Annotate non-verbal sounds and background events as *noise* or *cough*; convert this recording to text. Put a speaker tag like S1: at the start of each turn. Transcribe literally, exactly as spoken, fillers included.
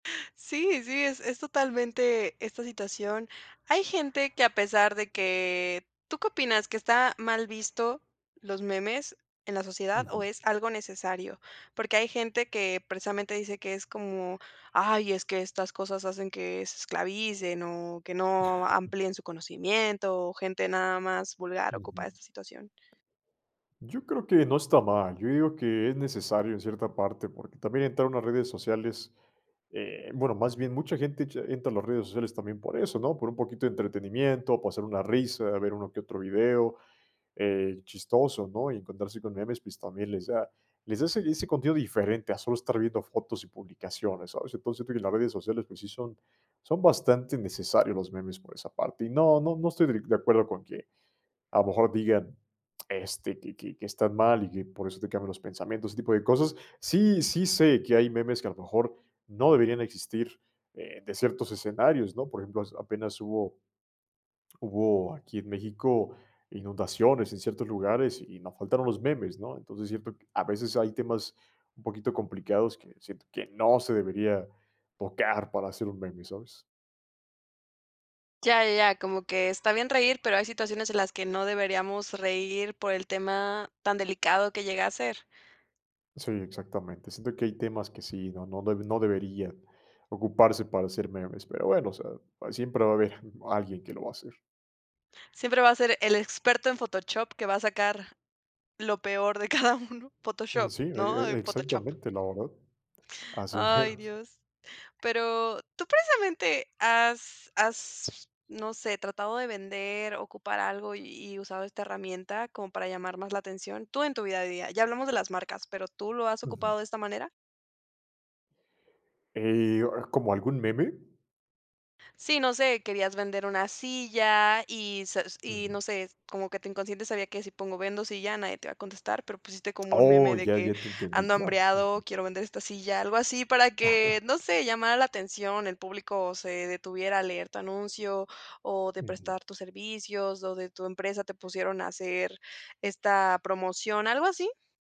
S1: Sí, sí, es es totalmente esta situación. Hay gente que a pesar de que ¿Tú qué opinas? ¿Que está mal visto los memes en la sociedad? O, ¿es algo necesario? Porque hay gente que precisamente dice que es como, ay, es que estas cosas hacen que se esclavicen o que no amplíen su conocimiento o gente nada más vulgar ocupa de
S2: Ujú.
S1: esta situación.
S2: Yo creo que no está mal, yo digo que es necesario en cierta parte porque también entrar a unas redes sociales, eh, bueno, más bien mucha gente echa entra a las redes sociales también por eso, ¿no? Por un poquito de entretenimiento, pasar una risa, ver uno que otro video, eh, chistoso, ¿no? Y encontrarse con memes, pues también les da les da ese ese contenido diferente a solo estar viendo fotos y publicaciones, ¿sabes? Entonces siento que las redes sociales, pues sí son son bastante necesarios los memes por esa parte, y no, no no estoy de acuerdo con que a lo mejor digan, este, que que que están mal y que por eso te cambian los pensamientos, ese tipo de cosas. Sí, sí sé que hay memes que a lo mejor no deberían existir, eh, de ciertos escenarios, ¿no? Por ejemplo, hac apenas hubo hubo aquí en México inundaciones en ciertos lugares y nos faltaron los memes, ¿no? Entonces, siento q a veces hay temas un poquito complicados que siento que no se debería tocar para hacer un meme, ¿sabes?
S1: Ya, ya, como que está bien reír, pero hay situaciones en las que no deberíamos reír por el tema tan delicado que llega a ser.
S2: Sí, exactamente, siento que hay temas que sí, no no no deberían ocuparse para hacer memes, pero bueno, o sea, siempre va a haber alguien que lo va a hacer.
S1: Siempre va a ser el experto en Photochop que va a sacar lo peor de cada uno, Photoshop,
S2: Sí, e
S1: ¿no?
S2: e
S1: Photochop.
S2: exactamente, la verdad, así
S1: Ay,
S2: meros.
S1: Dios. Pero tú, precisamente, has has, no sé, ¿tratado de vender, ocupar algo y y usado esta herramienta como para llamar más la atención? Tú en tu vida diaria. Ya hablamos de las marcas, pero ¿tú lo has
S2: Ujú.
S1: ocupado de esta manera?
S2: Eh, ¿como algún meme?
S1: Sí, no sé, querías vender una silla y sa y no
S2: Ujú.
S1: sé, como que tu inconsciente sabía que, si pongo vendo silla, nadie te va a contestar, pero pusiste como un meme
S2: Oh,
S1: de
S2: ya,
S1: que
S2: ya te entendí,
S1: ando
S2: claro.
S1: hambreado,
S2: Ujú.
S1: quiero vender esta silla, algo así, para que,
S2: *chuckles*
S1: no sé, llamara la atención, el público se detuviera a leer tu anuncio o de
S2: Ujú.
S1: prestar tus servicios, o de tu empresa te pusieron a hacer esta promoción, ¿algo así?